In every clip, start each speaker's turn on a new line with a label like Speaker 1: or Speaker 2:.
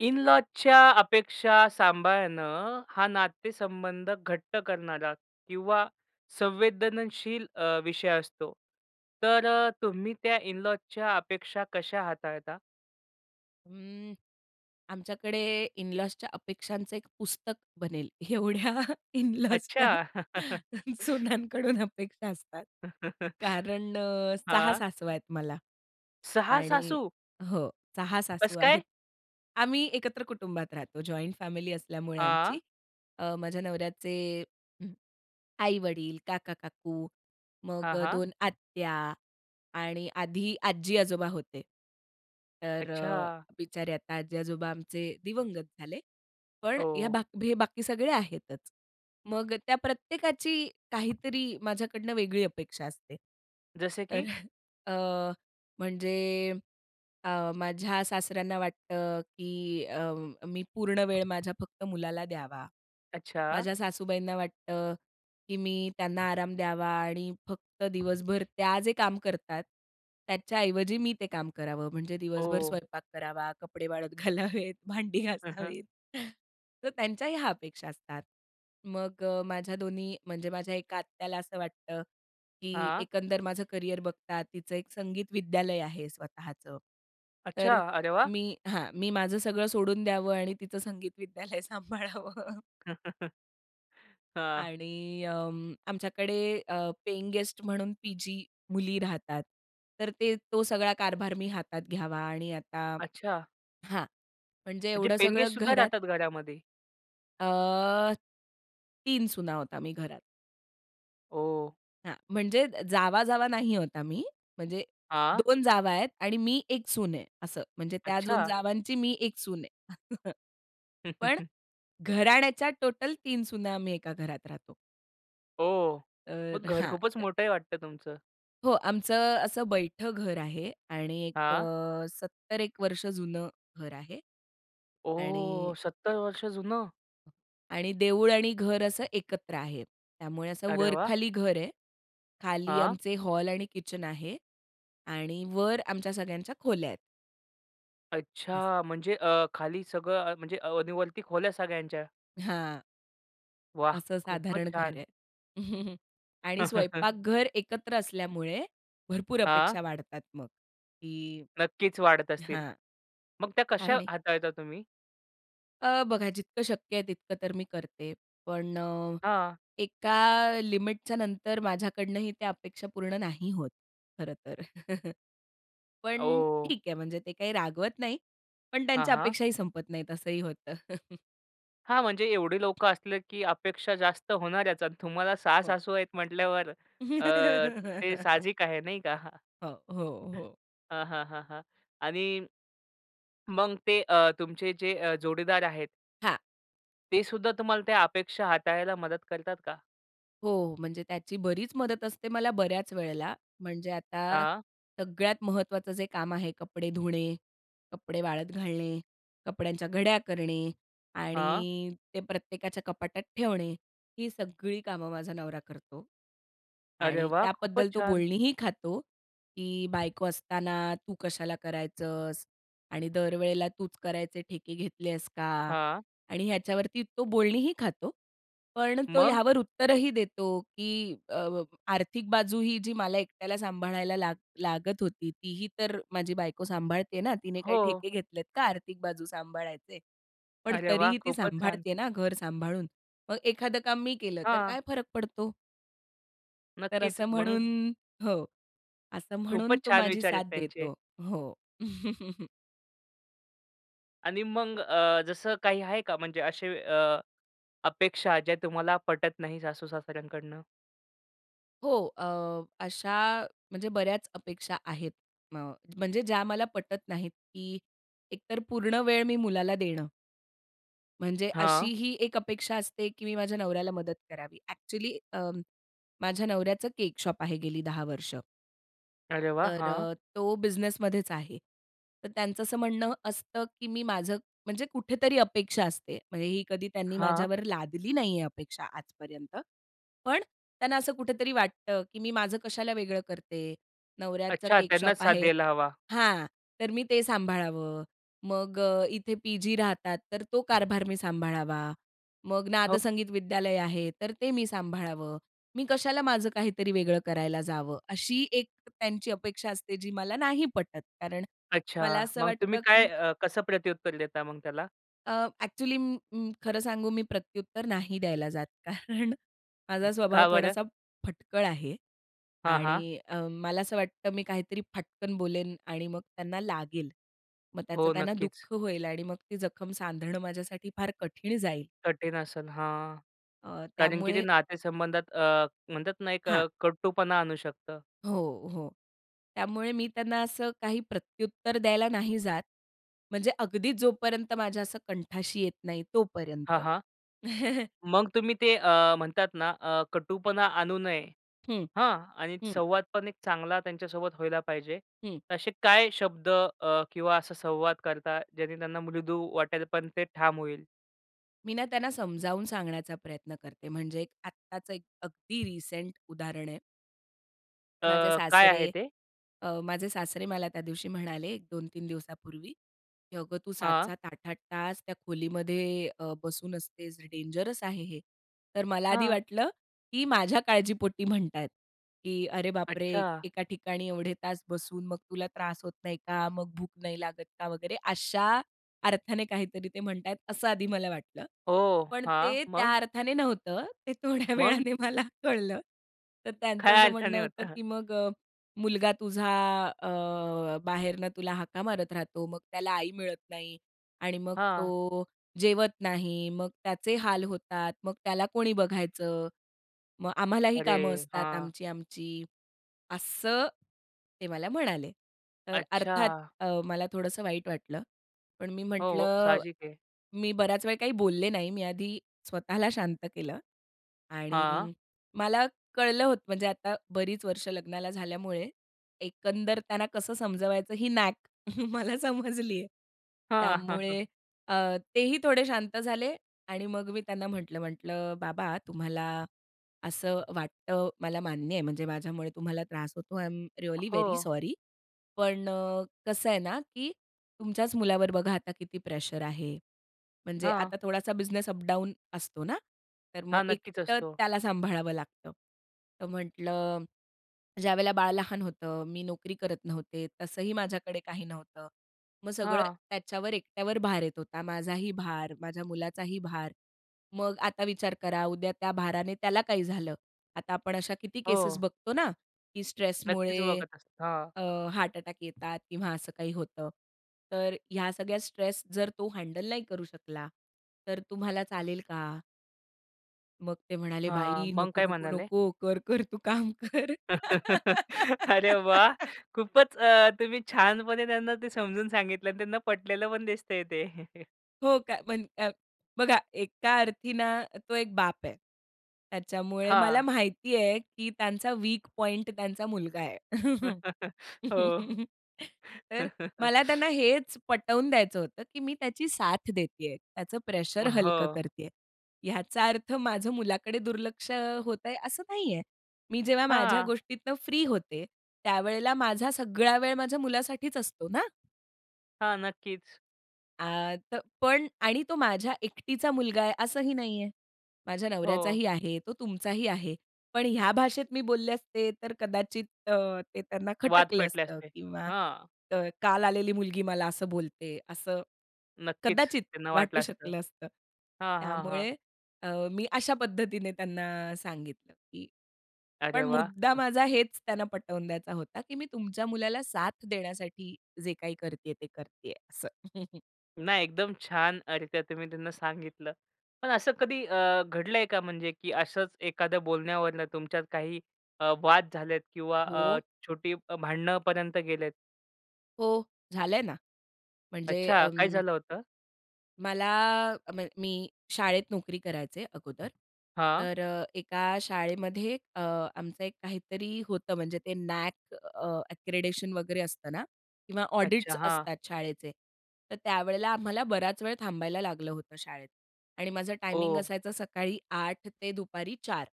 Speaker 1: In लॉजच्या अपेक्षा सांभाळणं हा नातेसंबंध घट्ट करणारा किंवा संवेदनशील अ, विषय असतो, तर अ, तुम्ही त्या इन लॉजच्या अपेक्षा कशा हाताळता?
Speaker 2: अं, आमच्याकडे इन लॉजच्या अपेक्षांचं एक पुस्तक बनेल. एवढ्या इन लॉजच्या
Speaker 1: अच्छा!
Speaker 2: सुनानंकडून अपेक्षा असतात. कारण अ, 6
Speaker 1: हां.
Speaker 2: सासवा आहेत मला.
Speaker 1: 6
Speaker 2: आणि
Speaker 1: सासू?
Speaker 2: हो. 6 सासू
Speaker 1: कस
Speaker 2: आहेत.
Speaker 1: काय?
Speaker 2: आम्ही एकत्र कुटुंबात राहतो, जॉइंट फॅमिली असल्यामुळे आमची.
Speaker 1: हां.
Speaker 2: अ, माझ्या नवऱ्याचे, हं, आई-वडील, काका-काकू, मग
Speaker 1: हां,
Speaker 2: अ,
Speaker 1: हां.
Speaker 2: 2 आत्या आणि आधी आजी-आजोबा होते. तर अ,
Speaker 1: अच्छा.
Speaker 2: बिचारे आता आजी-आजोबा आमचे दिवंगत झाले. पण ह्या
Speaker 1: हो.
Speaker 2: बाक बी बाकी सगळे आहेतच. मग अ, त्या प्रत्येकाची काहीतरी माझ्याकडनं वेगळी अपेक्षा असते.
Speaker 1: जस
Speaker 2: तर
Speaker 1: की?
Speaker 2: अ, म्हणजे अ, माझ्या सासऱ्यांना वाटतं, की अ, मी पूर्ण वेळ माझ्या फक्त मुलाला द्यावा.
Speaker 1: अच्छा.
Speaker 2: माझ्या सासूबाईंना वाटतं, की मी त्यांना आराम द्यावा आणि फक्त दिवसभर त्या जे काम करतात, त्याच्याऐवजी मी ते काम करावं म्हणजे दिवसभर
Speaker 1: ओ!
Speaker 2: स्वयंपाक करावा, कपडे वाळत घालावेत, भांडी
Speaker 1: हं, हं.
Speaker 2: घासावीत. तर त्यांच्याही ह्या अपेक्षा असतात. मग अ, माझ्या दोन्ही म्हणजे माझ्या एका आत्याला असं वाटतं, की
Speaker 1: हां.
Speaker 2: एकंदर माझं करियर बघतात तिचं एक संगीत विद्यालय आहे स्वतःचं.
Speaker 1: अच्छा.
Speaker 2: तर
Speaker 1: अरे वाह!
Speaker 2: मी हां. मी माझं सगळं सोडून द्यावं आणि तिचं संगीत विद्यालय सांभाळावं.
Speaker 1: हां.
Speaker 2: आणि अं, आमच्याकडे अ, पेइंगगेस्ट म्हणून पी-जी मुली राहतात. तर ते तो सगळा कारभार मी हातात घ्यावा आणि आता
Speaker 1: अच्छा.
Speaker 2: हां. म्हणजे
Speaker 1: म्हणजे
Speaker 2: एवढं सगळं
Speaker 1: पेइंगगेस्टसुद्धा
Speaker 2: घरात
Speaker 1: राहतात घरामध्ये?
Speaker 2: अह, 3 सुना आहोत आम्ही घरात.
Speaker 1: ओह!
Speaker 2: हां. म्हणजे जावा-जावा नाही आहोत आम्ही, म्हणजे
Speaker 1: हां.
Speaker 2: 2 जावा आहेत आणि मी एक सून आहे, असं. म्हणजे त्या 2
Speaker 1: अच्छा.
Speaker 2: जावांची मी एक सून आहे. पण घराण्याच्या टोटल 3 सुना आम्ही एका घरात राहतो.
Speaker 1: ओह! मग
Speaker 2: तरं
Speaker 1: घर
Speaker 2: हां.
Speaker 1: खूपच
Speaker 2: तरं
Speaker 1: मोठं आहे वाटतं तुमचं?
Speaker 2: हो. आमचं असं बैठ घर आहे. आणि एक
Speaker 1: हां.
Speaker 2: अ, सत्तर एक वर्ष जुनं घर आहे. आणि
Speaker 1: ओह! 70 वर्ष जुनं?
Speaker 2: आणि देऊळ आणि घर असं एकत्र आहे. त्यामुळे असं
Speaker 1: अरे वाह!
Speaker 2: वर-खाली घर आहे. खाली
Speaker 1: हां.
Speaker 2: आमचे हॉल आणि किचन आहे. आणि वर आमच्या सगळ्यांच्या खोल्या आहेत. असं.
Speaker 1: अच्छा! म्हणजे अ, खाली सगळं अ, म्हणजे आणि वरती खोल्या सगळ्यांच्या?
Speaker 2: हां.
Speaker 1: वाह!
Speaker 2: असं
Speaker 1: खूपच
Speaker 2: साधारण घर
Speaker 1: छान.
Speaker 2: आहे. आणि स्वयंपाकघर एकत्र असल्यामुळे भरपूर
Speaker 1: हां.
Speaker 2: अपेक्षा वाढतात मग, की
Speaker 1: नक्कीच वाढत असतील.
Speaker 2: हां,
Speaker 1: मग त्या कशा
Speaker 2: आणि
Speaker 1: हाताळता तुम्ही?
Speaker 2: अ, बघा जितकं शक्य आहे तितकं तर मी करते. पण अ,
Speaker 1: हां.
Speaker 2: एका लिमिटच्यानंतर माझ्याकडनंही त्या अपेक्षा पूर्ण नाही होत, खरं तर. पण
Speaker 1: ओह!
Speaker 2: ठीक आहे, म्हणजे ते काही रागवत नाही, पण
Speaker 1: हां,
Speaker 2: त्यांच्या
Speaker 1: हां.
Speaker 2: अपेक्षाही संपत नाहीत, असंही होतं.
Speaker 1: हां. म्हणजे एवढे लोक असले की अपेक्षा जास्त होणाऱ्याच. आणि तुम्हाला 6
Speaker 2: हो.
Speaker 1: सासू आहेत म्हटल्यावर अ, ते साहजिक आहे नाही का?
Speaker 2: हो. हो. हो.
Speaker 1: हां, हां, हां, हां. आणि मग ते अ, तुमचे जे अ, जोडीदार आहेत
Speaker 2: हां.
Speaker 1: ते सुद्धा तुम्हाला त्या अपेक्षा हाताळायला मदत करतात का?
Speaker 2: हो. म्हणजे त्याची बरीच मदत असते मला बऱ्याच वेळेला. म्हणजे आता
Speaker 1: हां.
Speaker 2: सगळ्यात महत्त्वाचं जे काम आहे कपडे धुणे, कपडे वाळत घालणे, कपड्यांच्या घड्या करणे
Speaker 1: हां.
Speaker 2: आणि ते प्रत्येकाच्या कपाटात ठेवणे ही सगळी कामं माझा नवरा करतो.
Speaker 1: अरे
Speaker 2: आणि
Speaker 1: वाह! खुपचं
Speaker 2: त्याबद्दल तो
Speaker 1: छान.
Speaker 2: बोलणीही खातो की "बायको असताना तू कशाला करायचंस? आणि दरवेळेला तूच करायचे ठेके घेतले आहेस का?"
Speaker 1: हां.
Speaker 2: आणि ह्याच्यावरती तो बोलणीही खातो. पण तो
Speaker 1: मग?
Speaker 2: यावर उत्तरही देतो की "अ, आर्थिक बाजू ही जी मला एकट्याला सांभाळायला लाग लागत होती तीही तर माझी बायको सांभाळते ना तिने काही
Speaker 1: हो.
Speaker 2: ठेके घेतलेत का आर्थिक बाजू सांभाळायचे? पण
Speaker 1: अरे वाह!
Speaker 2: तरीही ती
Speaker 1: खुपचं छान.
Speaker 2: सांभाळते ना घर सांभाळून. मग एखादं काम मी केलं तर
Speaker 1: हां.
Speaker 2: काय फरक पडतो?" तर
Speaker 1: नक्कीच.
Speaker 2: असं
Speaker 1: मग.
Speaker 2: म्हणून हो, असं म्हणून
Speaker 1: खूपच
Speaker 2: तो
Speaker 1: छान
Speaker 2: माझी
Speaker 1: विचार आहेत
Speaker 2: साथ
Speaker 1: त्यांचे.
Speaker 2: देतो. हो.
Speaker 1: आणि मग अ, जसं काही आहे का? म्हणजे असे अ, अपेक्षा ज्या तुम्हाला पटत नाही सासू-सासऱ्यांकडनं?
Speaker 2: हो. अ, अशा म्हणजे बऱ्याच अपेक्षा आहेत. म म्हणजे ज्या मला पटत नाहीत की एकतर पूर्ण वेळ मी मुलाला देणं. म्हणजे
Speaker 1: हां.
Speaker 2: अशीही एक अपेक्षा असते, की मी माझ्या नवऱ्याला मदत करावी. ॲक्चुअली अ, माझ्या नवऱ्याचं केक शॉप आहे गेली 10 वर्ष.
Speaker 1: अरे वाह!
Speaker 2: तर
Speaker 1: हां.
Speaker 2: अ, तो बिझनेसमध्येच आहे. तर त्यांचं असं म्हणणं असतं, की मी माझं म्हणजे कुठेतरी अपेक्षा असते. म्हणजे ही कधी त्यांनी
Speaker 1: हां.
Speaker 2: माझ्यावर लादली नाही आहे अपेक्षा आजपर्यंत. पण त्यांना असं कुठेतरी वाटतं, की मी माझं कशाला वेगळं करते, नवऱ्याचं
Speaker 1: अच्छा.
Speaker 2: केक
Speaker 1: त्यांनाच
Speaker 2: शॉप
Speaker 1: साथ
Speaker 2: आहे
Speaker 1: द्यायला हवा.
Speaker 2: हां. तर मी ते सांभाळावं. मग अ, इथे पीजी राहतात, तर तो कारभार मी सांभाळावा. मग
Speaker 1: हो.
Speaker 2: नादसंगीत विद्यालय आहे. तर ते मी सांभाळावं. मी कशाला माझं काहीतरी वेगळं करायला जावं. अशी एक त्यांची अपेक्षा असते, जी मला नाही पटत. कारण मला
Speaker 1: अच्छा.
Speaker 2: असं
Speaker 1: मग तुम्ही
Speaker 2: वाटतं की
Speaker 1: काय अ, कसं प्रत्युत्तर देता मग त्याला?
Speaker 2: अ, ॲक्चुअली म, म, खरं सांगू, मी प्रत्युत्तर नाही द्यायला जात. कारण
Speaker 1: अ,
Speaker 2: माझा स्वभाव
Speaker 1: का बरं?
Speaker 2: थोडासा फटकळ आहे.
Speaker 1: हां, हां.
Speaker 2: आणि अं, मला असं वाटतं, मी काहीतरी फटकन बोलेन आणि मग त्यांना लागेल. मग त्याचं
Speaker 1: हो,
Speaker 2: त्यांना
Speaker 1: नक्कीच.
Speaker 2: दुःख होईल आणि मग ती जखम सांधणं माझ्यासाठी फार कठीण जाईल.
Speaker 1: कठीण आसल, हां,
Speaker 2: अ,
Speaker 1: कारण की ते
Speaker 2: त्यामुळे
Speaker 1: नातेसंबंधात अ, म्हणतात ना, एक
Speaker 2: हां.
Speaker 1: अ, कटूपणा आणू शकतं.
Speaker 2: हो, हो. त्यामुळे मी त्यांना असं काही प्रत्युत्तर द्यायला नाही जात. म्हणजे अगदी जोपर्यंत माझ्या असं कंठाशी येत नाही तोपर्यंत.
Speaker 1: हां, हां. मग तुम्ही ते अ, म्हणतात ना, अ, कटूपणा आणू नये.
Speaker 2: हं,
Speaker 1: हं. आणि
Speaker 2: हं.
Speaker 1: संवाद पण एक चांगला त्यांच्यासोबत व्हायला पाहिजे.
Speaker 2: हं.
Speaker 1: असे काय शब्द अ, किंवा असा संवाद करता, ज्यांनी त्यांना मृदू वाटेल, पण ते ठाम होईल?
Speaker 2: मी ना, त्यांना समजावून सांगण्याचा प्रयत्न करते म्हणजे, एक आत्ताचं एक, अगदी रिसेंट उदाहरण आहे.
Speaker 1: अ,
Speaker 2: माझे
Speaker 1: काय
Speaker 2: सासरे
Speaker 1: आहे ते?
Speaker 2: अ, माझे सासरे मला त्यादिवशी म्हणाले, 2-3 दिवसापूर्वी, की अगं तू सात
Speaker 1: हां.
Speaker 2: सात, आठ आठ तास त्या खोलीमध्ये अ, बसून असतेस. डेंजरस आहे हे. तर मला आधी
Speaker 1: हां.
Speaker 2: वाटलं, की माझ्या काळजीपोटी म्हणत आहेत, "की अरे बापरे!
Speaker 1: अच्छा.
Speaker 2: एका ठिकाणी एवढे तास बसून मग तुला त्रास होत नाही का? मग भूक नाही लागत का?" वगैरे, अशा अर्थाने काहीतरी ते म्हणत आहेत असं आधी मला वाटलं.
Speaker 1: हो,
Speaker 2: पण
Speaker 1: हां.
Speaker 2: ते त्या
Speaker 1: मग?
Speaker 2: अर्थाने नव्हतं, ते थोड्या
Speaker 1: मग?
Speaker 2: वेळाने मला कळलं. तर त्यांचं
Speaker 1: काय
Speaker 2: असं
Speaker 1: अडचणी
Speaker 2: म्हणणं होतं
Speaker 1: होत्या?
Speaker 2: की मग "अ, मुलगा तुझा अ, बाहेरनं तुला हाका मारत राहतो. मग त्याला आई मिळत नाही आणि मग
Speaker 1: हां.
Speaker 2: तो जेवत नाही. मग त्याचे हाल होतात. मग त्याला कोणी बघायचं? मग आम्हालाही कामं
Speaker 1: अरे!
Speaker 2: असतात
Speaker 1: हां.
Speaker 2: आमची, आमची."असं ते मला म्हणाले. तर अर्थात
Speaker 1: अच्छा.
Speaker 2: अ, मला थोडंसं वाईट वाटलं. पण मी
Speaker 1: हो, हो.
Speaker 2: म्हंटलं,
Speaker 1: साहजिक आहे.
Speaker 2: मी बराच वेळ काही बोलले नाही. मी आधी स्वतःला शांत केलं
Speaker 1: हां.
Speaker 2: आणि मला कळलं होतं, म्हणजे आता बरीच वर्षं लग्नाला झाल्यामुळे एकंदर त्यांना कसं समजवायचं ही नॅक मला समजली आहे.
Speaker 1: हां.
Speaker 2: त्यामुळे अ, तेही थोडे शांत झाले आणि मग मी त्यांना म्हटलं, म्हटलं, "बाबा तुम्हाला असं वाटतं, मला मान्य आहे म्हणजे माझ्यामुळे तुम्हाला त्रास होतो, आय एम रिअली वेरी
Speaker 1: हो.
Speaker 2: सॉरी. पण अ, कसं आहे ना, की तुमच्याच मुलावर बघा आता किती प्रेशर आहे म्हणजे
Speaker 1: हां.
Speaker 2: आता थोडासा बिझनेस अपडाउन असतो ना. तर मग
Speaker 1: हां, नक्कीच
Speaker 2: एकटं
Speaker 1: असतो.
Speaker 2: त्याला सांभाळावं लागतं. "तर म्हंटलं, ज्यावेळेला बाळ लहान होतं, मी नोकरी करत नव्हते, तसंही माझ्याकडे काही नव्हतं. मग सगळं
Speaker 1: हां.
Speaker 2: त्याच्यावर, एकट्यावर भार येत होता. माझाही भार, माझ्या मुलाचाही भार. मग आता विचार करा, उद्या त्या भाराने त्याला काही झालं? आता आपण अशा किती केसेस
Speaker 1: हो.
Speaker 2: बघतो ना, की
Speaker 1: नक्कीच
Speaker 2: स्ट्रेसमुळे
Speaker 1: बघत असतो. हां.
Speaker 2: अ, हार्ट अटॅक येतात किंवा असं काही होतं. तर ह्या सगळ्या स्ट्रेस जर तो हँडल नाही करू शकला, तर तुम्हाला चालेल का?" मग ते म्हणाले
Speaker 1: हां,
Speaker 2: बाई
Speaker 1: मग
Speaker 2: नको,
Speaker 1: काय
Speaker 2: नको,
Speaker 1: म्हणाले?
Speaker 2: नको. कर-कर तू काम कर.
Speaker 1: अरे वाह! खूपच अ, तुम्ही छानपणे त्यांना ते समजून सांगितलं आणि त्यांना पटलेलं पण दिसतंय ते.
Speaker 2: हो का म्हण अ, बघा एका अर्थी ना तो एक बाप आहे. त्याच्यामुळे मला
Speaker 1: हां.
Speaker 2: माहिती आहे, की त्यांचा वीक पॉइंट त्यांचा मुलगा आहे.
Speaker 1: हो.
Speaker 2: तर मला त्यांना हेच पटवून द्यायचं होतं की मी त्याची साथ देतीये. त्याचं
Speaker 1: अ,
Speaker 2: प्रेशर हलकं
Speaker 1: हो.
Speaker 2: करतीये. याचा अर्थ माझं मुलाकडे दुर्लक्ष होत आहे असं नाहीये. मी जेव्हा माझ्या
Speaker 1: हां.
Speaker 2: गोष्टीतनं फ्री होते त्यावेळेला माझा सगळा वेळ माझ्या मुलासाठीच असतो ना.
Speaker 1: हां. नक्कीच.
Speaker 2: आ तर पण आणि तो माझ्या एकटीचा मुलगा आहे असंही नाही आहे. माझ्या
Speaker 1: हो.
Speaker 2: नवऱ्याचाही आहे, तो तुमचाही आहे. पण ह्या भाषेत मी बोलले असते तर कदाचित अ, ते त्यांना
Speaker 1: वाद
Speaker 2: खटकलं
Speaker 1: पेटले
Speaker 2: असतं
Speaker 1: असते
Speaker 2: किंवा
Speaker 1: हां.
Speaker 2: अ, काल आलेली मुलगी मला असं बोलते असं
Speaker 1: नक्कीच
Speaker 2: कदाचित
Speaker 1: त्यांना वाटलं
Speaker 2: वाटू
Speaker 1: असतं
Speaker 2: शकलं असतं.
Speaker 1: हां, हां, हां
Speaker 2: त्यामुळे अ, मी अशा पद्धतीने त्यांना सांगितलं, की
Speaker 1: अरे
Speaker 2: पण
Speaker 1: वाह!
Speaker 2: मुद्दा
Speaker 1: हं.
Speaker 2: माझा हेच त्यांना पटवून द्यायचा होता, की मी तुमच्या मुलाला साथ देण्यासाठी जे काही करतीये ते करतीये असं.
Speaker 1: नाही, एकदम छान अ, रीत्या तुम्ही त्यांना सांगितलं. पण असं कधी अ, घडलंय का म्हणजे की असंच एखाद्या बोलण्यावरनं तुमच्यात काही अ, वाद झालेत किंवा अ,
Speaker 2: हो.
Speaker 1: छोटी भांडणांपर्यंत गेलेत?
Speaker 2: हो. झालंय ना. म्हणजे
Speaker 1: अच्छा. काय
Speaker 2: अं
Speaker 1: झालं होतं?
Speaker 2: मला अम मी शाळेत नोकरी करायचे अगोदर.
Speaker 1: हां.
Speaker 2: तर अ, एका शाळेमध्ये अ, आमचं एक काहीतरी होतं म्हणजे ते नॅक अ, अक्रेडिशन वगैरे असतं ना किंवा
Speaker 1: अच्छा.
Speaker 2: ऑडिट्स
Speaker 1: हां.
Speaker 2: असतात शाळेचे. तर त्यावेळेला आम्हाला बराचवेळ थांबायला लागलं होतं शाळेत आणि माझा टायमिंग
Speaker 1: ओ!
Speaker 2: असायचा सकाळी 8:00 ते दुपारी 4:00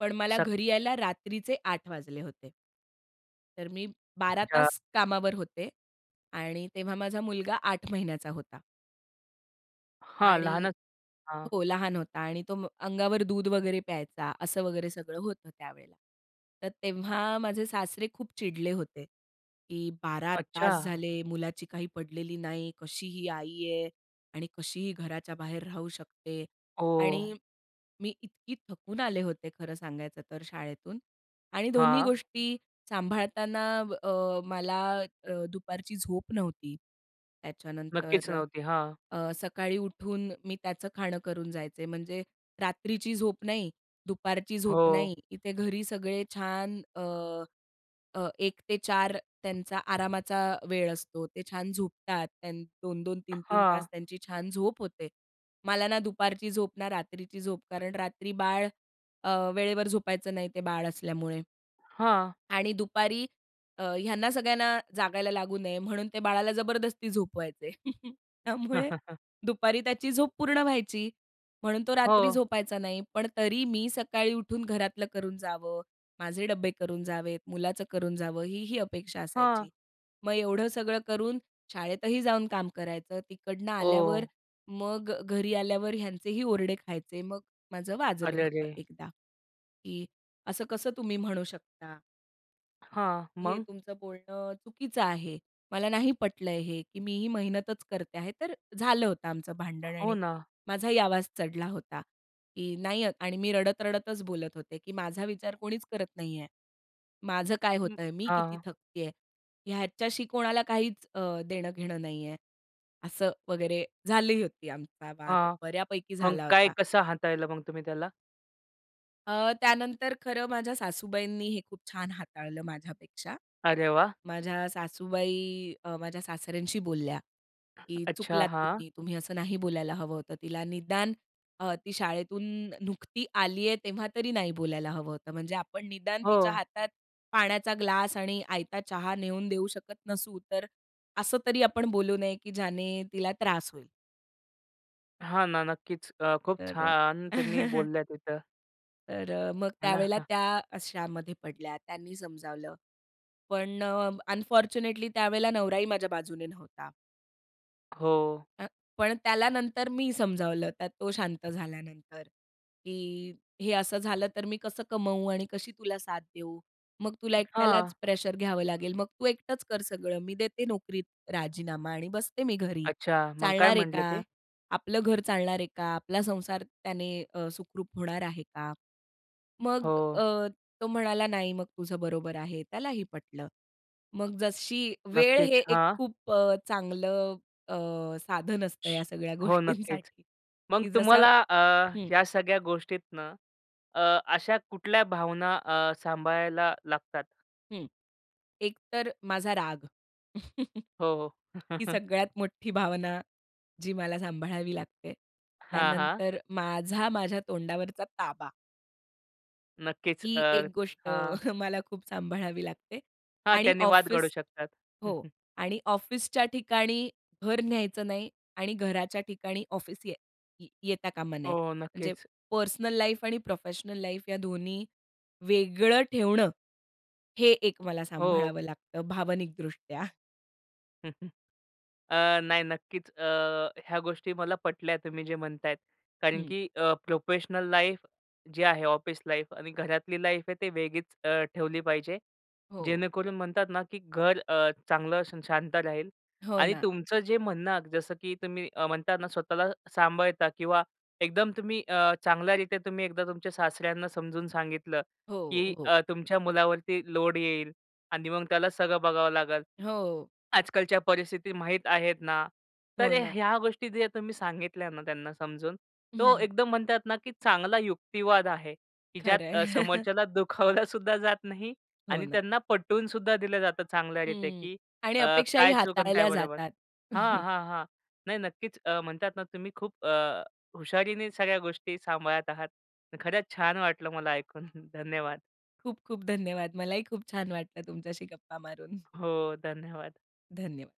Speaker 2: पण मला
Speaker 1: सक
Speaker 2: घरी यायला रात्रीचे 8 वाजले होते. तर मी 12
Speaker 1: अच्छा.
Speaker 2: तास कामावर होते आणि तेव्हा माझा मुलगा 8 महिन्यांचा होता.
Speaker 1: हां.
Speaker 2: आणि
Speaker 1: लहानच हां.
Speaker 2: हो. लहान होता. आणि तो अंगावर दूध वगैरे प्यायचा. असं वगैरे सगळं होतं त्यावेळेला. तर तेव्हा माझे सासरे खूप चिडले होते की 12 तास
Speaker 1: अच्छा!
Speaker 2: झाले, मुलाची काही पडलेली नाही. कशी ही आई आहे आणि कशी ही घराच्या बाहेर राहू शकते.
Speaker 1: ओ!
Speaker 2: आणि मी इतकी थकून आले होते खरं सांगायचं तर शाळेतून आणि दोन्ही
Speaker 1: हां.
Speaker 2: गोष्टी सांभाळताना अब मला अ, दुपारची झोप नव्हती.
Speaker 1: नक्कीच
Speaker 2: त्याच्यानंतर
Speaker 1: नव्हती. हां.
Speaker 2: अ, सकाळी उठून मी त्याचं खाणं करून जायचे. म्हणजे रात्रीची झोप नाही. दुपारची झोप
Speaker 1: हो.
Speaker 2: नाही. इथे घरी सगळे छान अ, अ, 1:00 ते 4:00 त्यांचा आरामाचा वेळ असतो. ते छान झोपतात, त्या 2-2, 3-3, तास
Speaker 1: हां.
Speaker 2: त्यांची छान झोप होते. मला ना दुपारची झोप ना रात्रीची झोप कारण रात्री बाळ अ, वेळेवर झोपायचं नाही ते बाळ असल्यामुळे.
Speaker 1: हां.
Speaker 2: आणि दुपारी अ, ह्यांना सगळ्यांना जागायला लागू नये म्हणून ते बाळाला जबरदस्ती झोपवायचे. त्यामुळे दुपारी त्याची झोप पूर्ण व्हायची. म्हणून तो रात्री
Speaker 1: हो.
Speaker 2: झोपायचा नाही. पण तरी मी सकाळी उठून घरातलं करून जावं. माझे डब्बे करून जावेत. मुलाचं करून जावं. ही, ही अपेक्षा
Speaker 1: हां.
Speaker 2: असायची. मग एवढं सगळं करून शाळेतही जाऊन काम करायचं. तिकडनं आल्यावर
Speaker 1: ओ!
Speaker 2: मग अ, घरी आल्यावर ह्यांचेही ओरडे खायचे. मग माझं वाजलं
Speaker 1: अरे,
Speaker 2: होतं
Speaker 1: अरे!
Speaker 2: एकदा की असं कसं तुम्ही म्हणू शकता?
Speaker 1: हां.
Speaker 2: हे
Speaker 1: मग?
Speaker 2: तुमचं बोलणं चुकीचं आहे, मला नाही पटलं हे, की मी ही मेहनतच करते आहे, तर झालं होतं आमचं भांडण.
Speaker 1: हो
Speaker 2: आणि
Speaker 1: ना.
Speaker 2: माझाही आवाज चढला होता, की नाही आणि मी रडत रडतच बोलत होते, की "माझा विचार कोणीच करत नाही आहे. माझं काय
Speaker 1: हं.
Speaker 2: होतंय, मी किती
Speaker 1: हां.
Speaker 2: थकती आहे. ह्याच्याशी कोणाला काहीच अ, देणं-घेणं नाही आहे." असं वगैरे, झाली होती आमचा वाद
Speaker 1: हां.
Speaker 2: बऱ्यापैकी
Speaker 1: मग
Speaker 2: झाला
Speaker 1: काय
Speaker 2: होता.
Speaker 1: कसं हाताळलं मग तुम्ही त्याला?
Speaker 2: अ, त्यानंतर, खरं माझ्या सासूबाईंनी हे खूप छान हाताळलं, माझ्यापेक्षा.
Speaker 1: अरे वाह!
Speaker 2: माझ्या सासूबाई अ, माझ्या सासऱ्यांशी बोलल्या, की
Speaker 1: अच्छा.
Speaker 2: "चुकलात
Speaker 1: हां.
Speaker 2: तुम्ही, तुम्ही असं नाही बोलायला हवं होतं तिला, निदान अ, ती शाळेतून नुकती आली आहे, तेव्हा तरी नाही बोलायला हवं होतं, म्हणजे आपण निदान तिच्या
Speaker 1: हो.
Speaker 2: हातात पाण्याचा ग्लास आणि आयता चहा नेऊन देऊ शकत नसू, तर असं तरी आपण बोलू नये, की ज्याने तिला त्रास होईल."
Speaker 1: हां ना. नक्कीच. अ, खूप
Speaker 2: तर अ
Speaker 1: छान त्यांनी बोलल्या तिथं.
Speaker 2: तर अ, मग
Speaker 1: है ना?
Speaker 2: त्यावेळेला
Speaker 1: हां.
Speaker 2: त्या अशामध्ये पडल्या, त्यांनी समजावलं, पण अ, अनफॉरच्युनेटली त्यावेळेला नवराही माझ्या बाजूने नव्हता.
Speaker 1: हो.
Speaker 2: अ, पण त्याला नंतर मी समजावलं त्यात तो शांत झाल्यानंतर. की हे असं झालं तर मी कसं कमवू आणि कशी तुला साथ देऊ? मग तुला एकट्यालाच
Speaker 1: हां.
Speaker 2: प्रेशर घ्यावं लागेल. मग तू एकटंच कर सगळं, मी देते नोकरीत राजीनामा आणि बसते मी घरी,
Speaker 1: अच्छा, मग काय
Speaker 2: चालणार आहे
Speaker 1: म्हटले
Speaker 2: का?
Speaker 1: ते?
Speaker 2: आपलं घर चालणार आहे का? आपला संसार त्याने अ, सुखरूप होणार आहे का? मग अ,
Speaker 1: हो.
Speaker 2: तो म्हणाला, "नाही, मग तुझं बरोबर आहे." त्यालाही पटलं. मग जशी, वेळ हे
Speaker 1: नक्कीच,
Speaker 2: एक
Speaker 1: हां.
Speaker 2: खूप अ, चांगलं अ, साधन असतं ह्या सगळ्या
Speaker 1: हो, नक्कीच.
Speaker 2: गोष्टींसाठी
Speaker 1: मग
Speaker 2: की जसं
Speaker 1: तुम्हाला अ,
Speaker 2: हं.
Speaker 1: ह्या सगळ्या गोष्टीतून अ, अशा कुठल्या भावना अ, सांभाळायला लागतात?
Speaker 2: हं. एक तर माझा राग.
Speaker 1: हो, हो.
Speaker 2: ही सगळ्यात मोठी भावना, जी मला सांभाळावी लागते.
Speaker 1: हां, हां.
Speaker 2: त्यानंतर माझा, माझ्या तोंडावरचा ताबा.
Speaker 1: नक्कीच.
Speaker 2: ही
Speaker 1: तर
Speaker 2: एक गोष्ट
Speaker 1: हां.
Speaker 2: मला खूप सांभाळावी लागते.
Speaker 1: हां,
Speaker 2: आणि
Speaker 1: त्यानी वाद घडू
Speaker 2: ऑफिस
Speaker 1: शकतात.
Speaker 2: हो. आणि ऑफिसच्या ठिकाणी घर न्यायचं नाही आणि घराच्या ठिकाणी ऑफिस ये ये येता कामा
Speaker 1: हो,
Speaker 2: नये.
Speaker 1: हो.
Speaker 2: म्हणजे
Speaker 1: नक्कीच.
Speaker 2: पर्सनल लाईफ आणि प्रोफेशनल लाईफ या दोन्ही वेगळं ठेवणं, हे एक मला
Speaker 1: हो.
Speaker 2: सांभाळावं लागतं भावनिकदृष्ट्या.
Speaker 1: हं, हं. अ, नाही नक्कीच अ, ह्या गोष्टी मला पटल्या तुम्ही जे म्हणतायत कारण
Speaker 2: हं.
Speaker 1: की अ, प्रोफेशनल लाईफ जे आहे, ऑफिस लाईफ आणि घरातली लाईफ आहे ते अ, वेगळीच ठेवली पाहिजे.
Speaker 2: हो.
Speaker 1: जेणेकरून म्हणतात ना की घर अ, चांगलं शांत राहील
Speaker 2: हो
Speaker 1: आणि
Speaker 2: ना.
Speaker 1: तुमचं जे म्हणणं जसं की अ, तुम्ही म्हणता ना स्वतःला सांभाळता किंवा एकदम तुम्ही अ, चांगल्यारिते तुम्ही एकदा तुमच्या सासऱ्यांना समजून सांगितलं की
Speaker 2: हो, हो.
Speaker 1: अ, तुमच्या मुलावरती लोड येईल आणि मग त्याला सगळं बघावं लागेल.
Speaker 2: हो.
Speaker 1: आजकालच्या परिस्थिती माहीत आहेत ना,
Speaker 2: हो
Speaker 1: तर
Speaker 2: ना.
Speaker 1: ह्या गोष्टी जे तुम्ही सांगितल्या ना, त्यांना समजून तो एकदम म्हणतात ना की चांगला युक्तिवाद आहे की ज्यात
Speaker 2: खरंय.
Speaker 1: समोरच्याला दुखावलासुद्धा जात नाही
Speaker 2: हो
Speaker 1: आणि
Speaker 2: ना.
Speaker 1: त्यांना पटवूनसुद्धा दिलं जातं चांगल्या रीतीने
Speaker 2: हं.
Speaker 1: की
Speaker 2: आणि
Speaker 1: अ,
Speaker 2: अपेक्षाही
Speaker 1: काय चूक आणि काय
Speaker 2: हाताळल्या
Speaker 1: बरोबर.
Speaker 2: जातात.
Speaker 1: हां, हां, हां. नाही नक्कीच अ, म्हणतात ना तुम्ही अ, खूप हुशारीने सगळ्या गोष्टी सांभाळत आहात. खरंच छान वाटलं मला ऐकून. धन्यवाद.
Speaker 2: खूप खूप धन्यवाद. मलाही खूप छान वाटलं तुमच्याशी गप्पा मारून.
Speaker 1: हो धन्यवाद.
Speaker 2: धन्यवाद.